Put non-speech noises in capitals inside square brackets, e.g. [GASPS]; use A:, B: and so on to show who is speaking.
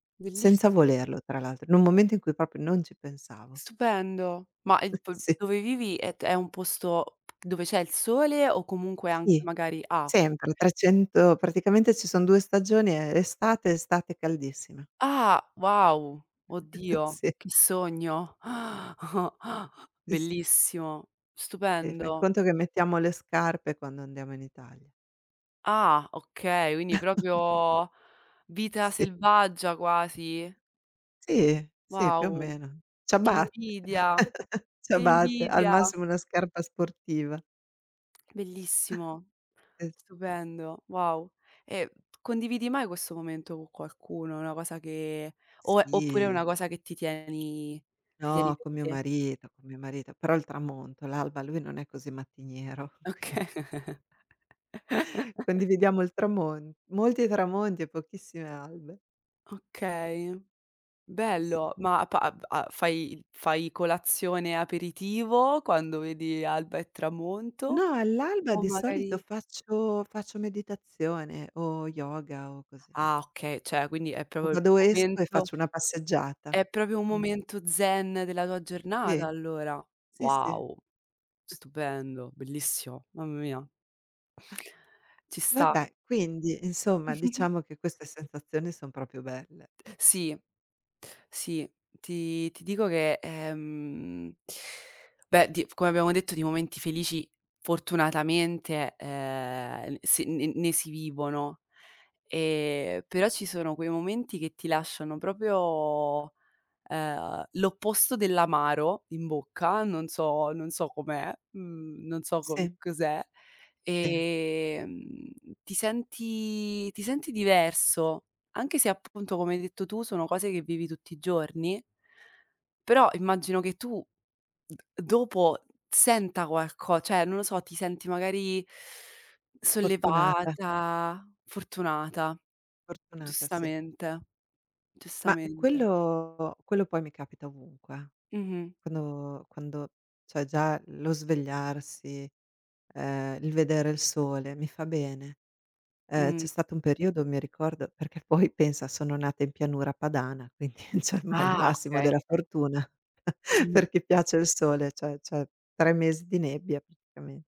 A: Senza
B: Bellissi
A: volerlo tra l'altro, in un momento in cui proprio non ci pensavo.
B: Stupendo, ma il p
A: Sì.
B: dove vivi, è t è un posto dove c'è il sole, o comunque anche
A: Sì,
B: magari ah, okay.
A: sempre trecento praticamente ci sono 2 stagioni; ehm, estate e estate caldissima.
B: Ah, wow,
A: [CHUCKLES]
B: oddio
A: Sì.
B: che sogno. [GASPS] [CHUCKLES]
A: Sì, sì.
B: Bellissimo,
A: Sì, fai
B: stupendo.
A: conto che mettiamo le scarpe, quando andiamo in Italia.
B: Ah, okay, quindi
A: [CHUCKLES]
B: proprio vita
A: Sì.
B: selvaggia quasi.
A: Sì, sì più o
B: Wow,
A: meno,
B: che
A: ciabatte,
B: invidia,
A: [CHUCKLES]
B: che
A: ciabatte, al
B: invidia!
A: massimo una scarpa sportiva.
B: Bellissimo,
A: [CHUCKLES] Es
B: stupendo, wow. Ehm, condividi mai questo momento co qualcuno? È una cosa che o, ehm oppure è una
A: Sì.
B: cosa che ti tieni ti tieni
A: No,
B: per
A: co' mio
B: te?
A: marito, co' mio marito, però il tramonto, l'alba lui non è così mattiniero, quindi
B: Okay. [CHUCKLES]
A: Condividiamo il tramon molti tramonti, e pochissime albe. [CHUCKLES]
B: Okay,
A: Sì, sì.
B: bello, ma pa av fai fai colazione, aperitivo quando vedi alba e tramonto?
A: No, all'alba
B: O
A: di solito
B: magari
A: faccio faccio meditazione, o yoga o così.
B: Ah, okay, cioè, quindi è
A: O
B: proprio il
A: vado esco, e
B: momento
A: faccio una passeggiata.
B: è proprio un
A: Mh.
B: momento zen della tua giornata
A: Sì.
B: allora.
A: Sì, sì. [CHUCKLES]
B: Wow,
A: Sì.
B: stupendo, bellissimo. Mamma mia. Ci sta.
A: Vabbè, quindi, insomma
B: [CHUCKLES]
A: diciamo che queste sensazioni, son proprio belle.
B: Sì, sì, ti ti dico che, ehm, beh, t come abbiamo detto di momenti felici fortunatamente, eh, s n ne si vivono, e però ci sono quei momenti, che ti lasciano proprio, ehm, l'opposto dell'amaro, in bocca, non so non so com'è, mhmm, non so co
A: Sì.
B: cos'è,
A: Sì.
B: ehm, ti senti ti senti diverso, anche se appunto come hai detto tu, sono cose che vivi tutti i giorni però immagino che tu, d dopo senta qualco cioè, non lo so, ti senti magari [INHALES]
A: Fortunata.
B: sollevata fortunata,
A: Fortunata, sì.
B: giustamente.
A: Ma,
B: Giustamente.
A: quello quello poi mi capita ovunque, eh.
B: Mh-mh.
A: Quando quando cioè, già lo svegliarsi, ehm, il vedere il sole, mi fa bene. Ehm, c'è
B: Mh.
A: stato un periodo mi ricordo perché poi pensa, sono nata in pianura padana, quindi cioè me il
B: Ah,
A: massimo
B: okay.
A: della fortuna, [CHUCKLES]
B: Mh
A: per chi piace il sole, cioè cioè 3 mesi di nebbia praticame